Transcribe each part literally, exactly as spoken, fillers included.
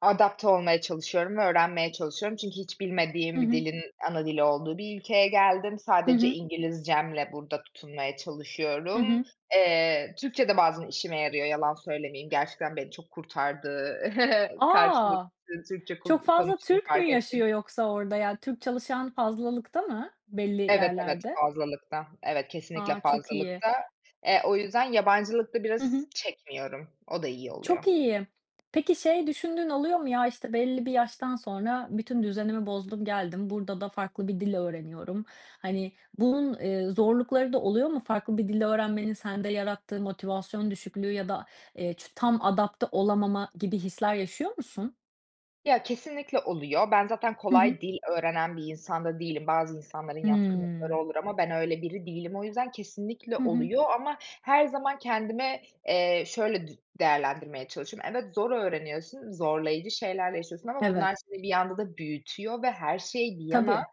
Adapte olmaya çalışıyorum ve öğrenmeye çalışıyorum çünkü hiç Hı bilmediğim bir hı. dilin ana dili olduğu bir ülkeye geldim. Hı Sadece hı. İngilizcemle burada tutunmaya Hı çalışıyorum. hı. Eee, Türkçe de bazen işime yarıyor, yalan söylemeyeyim. Gerçekten beni çok kurtardı karşıda [unintelligible] A! Türkçe Çok kul fazla konuştuğunu Türk mü fark ettiğim yaşıyor yoksa orada? Ya, Türk çalışan fazlalıkta mı belli Evet, evet yerlerde? fazlalıkta. Evet, kesinlikle A! Çok iyi. fazlalıkta. Eee, o yüzden yabancılık da Hı biraz hı. çekmiyorum. O da iyi Çok oluyor. iyi. Peki şey düşündüğün oluyor mu? Ya, işte, belli bir yaştan sonra bütün düzenimi bozdum, geldim. Burada da farklı bir dil öğreniyorum. Hani, bunun, eee, zorlukları da oluyor mu? Farklı bir dil öğrenmenin sende yarattığı motivasyon düşüklüğü ya da, eee, ç tam adapte olamama gibi hisler yaşıyor musun? Ya, kesinlikle oluyor. Ben zaten Hı hı. kolay dil öğrenen bir insan da değilim. Bazı insanların yatkınlıkları Hıı. olur ama ben öyle biri değilim o yüzden kesinlikle Hı hı. oluyor ama her zaman kendime, eee, şöyle dü değerlendirmeye çalışıyorum. Evet, zor öğreniyorsun, zorlayıcı şeyler yaşıyorsun ama Evet. bunlar seni bir anda da büyütüyor ve her şey bir yana, Tabii.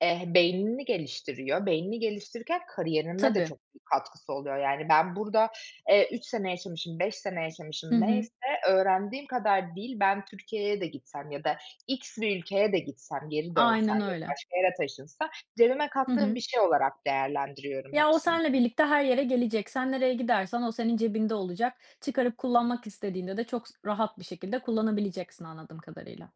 eh, beynini geliştiriyor. Beynini geliştirirken kariyerime de Tabii. çok büyük katkısı oluyor yani. Ben burada, eee, üç sene yaşamışım, beş sene yaşamışım Hı hı. neyse öğrendiğim kadar dil, ben Türkiye'ye de gitsem ya da x bir ülkeye de gitsem, geri dönsem Aynen ya da öyle. başka yere taşınsa cebime Hı kattığım hı. bir şey olarak değerlendiriyorum Ya, o hepsini. seninle birlikte her yere gelecek. Sen nereye gidersen o senin cebinde olacak. Çıkarıp kullanmak istediğinde de çok s rahat bir şekilde kullanabileceksin anladığım kadarıyla.